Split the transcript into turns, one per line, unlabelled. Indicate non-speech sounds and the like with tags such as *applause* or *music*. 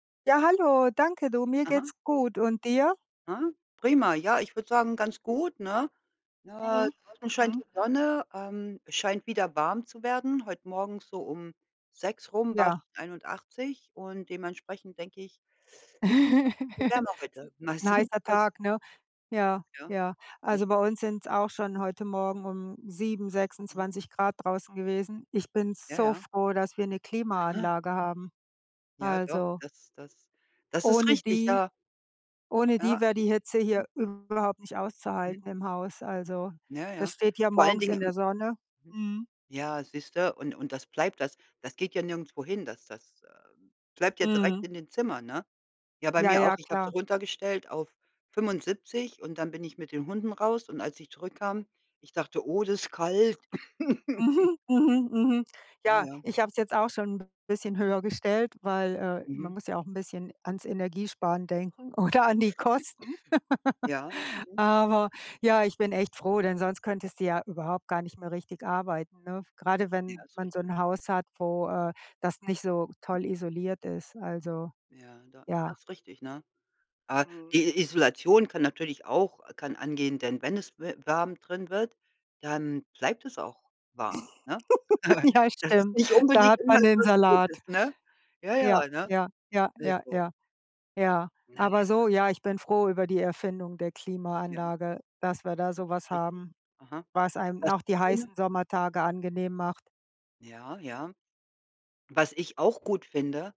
Ja, hallo, danke du. Mir
Aha.
geht's gut und dir?
Ah, prima, ja, ich würde sagen, ganz gut, ne? Äh,
Mhm,
draußen scheint die
mhm.
Sonne, ähm, scheint wieder warm zu werden. Heute morgens so um 6 rum war's
Ja.
schon 81 und dementsprechend denke ich *unintelligible* wird
*chuckles*
wärmer heute. Mal
'N
sehen,
heißer
pass
Tag, ne? Ja,
Ja.
ja. Also
Nicht?
bei uns sind's auch schon heute Morgen um 7,
Aha.
26 C draußen gewesen. Ich bin
Ja,
so
ja.
froh, dass wir 'ne
Aha.
Klimaanlage haben.
Ja, doch,
Also
das das das ist
ohne
richtig,
die
ja.
ohne die
Ja.
wäre die Hitze hier überhaupt nicht
Mhm.
auszuhalten im Haus. Also,
Ja,
das
ja.
steht ja
Vor allen
morgens
Dingen
in
m
der Sonne,
mhm.
mhm.
Ja, siehst du, und und das bleibt, das das geht ja nirgendwo hin, das das, ähm, bleibt ja direkt
Mhm.
in den Zimmern, ne? Ja, bei
Ja,
mir auch,
ja,
ich hab so
klar.
runtergestellt auf 75 und dann bin ich mit den Hunden raus und als ich zurückkam ich dachte: „Oh, das ist kalt.“ *chuckles*
Mhm, mhm, mhm.
Ja,
Ja,
ja.
ich habe es jetzt auch schon 'n bisschen höher gestellt, weil, äh, man
Mhm.
muss ja auch 'n bisschen ans Energiesparen denken oder an die Kosten.
*coughs* Ja,
*laughs*
mhm.
Aber, ja, ich bin echt froh, denn sonst könntest du ja überhaupt gar nicht mehr richtig arbeiten, ne? Grade wenn
Ja, ist richtig.
man so 'n Haus hat, wo äh, das nicht so toll
Mhm.
isoliert ist, also,
Ja, do
ja.
das ist richtig, ne? Äh,
Mhm.
die I Isolation kann natürlich auch kann angehen, denn wenn es we warm drin wird, dann bleibt es auch warm, ne?
*giggles*
*chuckles*
Ja,
Das ist
stimmt.
nicht
Da
unbedingt
hat
immer
man den
etwas
Salat.
gutes, ne? Ja,
Ja,
ja, ne?
ja, ja,
Ist
ja,
so.
ja. Ja,
Na
aber
ja.
so ja, ich bin froh über die Erfindung der
Ja.
Klimaanlage, dass wir da
Das
so was
ist richtig.
haben,
Aha.
was einem auch die
*unintelligible*
heißen Sommertage angenehm macht.
Ja, ja. Was ich auch gut finde